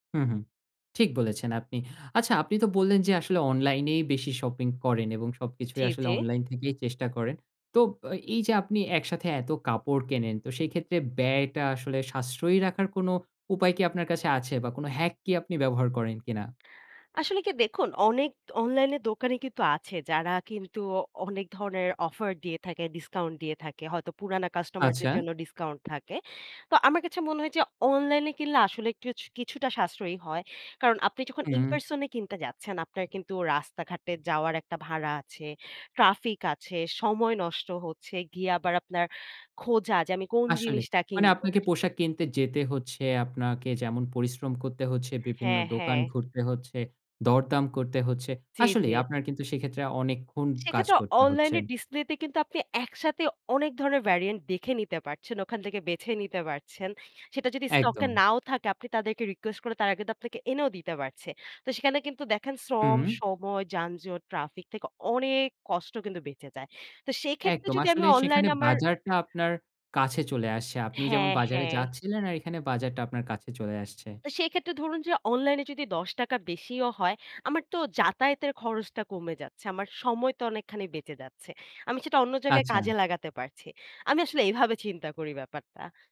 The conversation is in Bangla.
হু, হু, ঠিক বলেছেন আপনি। আচ্ছা আপনি তো বললেন যে আসলে অনলাইনেই বেশি শপিং করেন এবং সবকিছুই জি, আসলে জি। অনলাইন থেকেই চেষ্টা করেন। তো আ এই যে আপনি একসাথে এত কাপড় কেনেন, তো সেইক্ষেত্রে ব্যয়টা আসলে সাশ্রয়ী রাখার কোনো উপায় কি আপনার কাছে আছে বা কোন হ্যাক কি আপনি ব্যবহার করেন কিনা? আসলে কি দেখুন অনেক অনলাইনে দোকানে কিন্তু আছে যারা কিন্তু অনেক ধরনের অফার দিয়ে থাকে, ডিসকাউন্ট দিয়ে থাকে হয়তো পুরানা কাস্টমারদের আচ্ছা। জন্য ডিসকাউন্ট থাকে। তো আমার কাছে মনে হয়েছে অনলাইনে কিনলে আসলে কিছ কিছুটা সাশ্রয়ী হয়। কারণ আপনি যখন হুম, হুম। ইনপার্সন এ কিনতে যাচ্ছেন আপনার কিন্তু রাস্তাঘাটে যাওয়ার একটা ভাড়া আছে, ট্রাফিক আছে, সময় নষ্ট হচ্ছে, গিয়ে আবার আপনার খোঁজা যে আমি কোন আসলে, জিনিসটা মানে কিনবো আপনাকে পোশাক কিনতে যেতে হচ্ছে, আপনাকে যেমন পরিশ্রম করতে হচ্ছে, বিভিন্ন হ্যাঁ, দোকান হ্যাঁ। ঘুরতে হচ্ছে, দরদাম করতে হচ্ছে। জি, জি। আসলেই আপনার কিন্তু সেইক্ষেত্রে অনেকক্ষণ কাজ সেক্ষেত্রে করতে হচ্ছে। অনলাইনে ডিসপ্লেতে কিন্তু আপনি একসাথে অনেক ধরনের ভেরিয়ান্ট দেখে নিতে পারছেন, ওখান থেকে বেছে নিতে পারছেন, সেটা যদি স্টকে একদম। নাও থাকে আপনি তাদেরকে রিকোয়েস্ট করলে তারা কিন্তু আপনাকে এনেও দিতে পারছে। তো সেখানে কিন্তু দেখেন হুম, শ্রম, হুম। সময়, যানজট, ট্রাফিক থেকে অনেক কষ্ট কিন্তু বেঁচে যায়। তো সেক্ষেত্রে একদম যদি আমি আসলে সেখানে অনলাইনে আমার বাজারটা আপনার কাছে চলে আসছে, আপনি যেমন হ্যাঁ, বাজারে হ্যাঁ। যাচ্ছিলেন আর এখানে বাজারটা আপনার কাছে চলে আসছে। তো সেক্ষেত্রে ধরুন যে অনলাইনে যদি ৳১০ বেশিও হয়, আমার তো যাতায়াতের খরচটা কমে যাচ্ছে, আমার সময় তো অনেকখানি বেঁচে যাচ্ছে, আমি সেটা অন্য জায়গায় আচ্ছা। কাজে লাগাতে পারছি। আমি আসলে এভাবে চিন্তা করি ব্যাপারটা।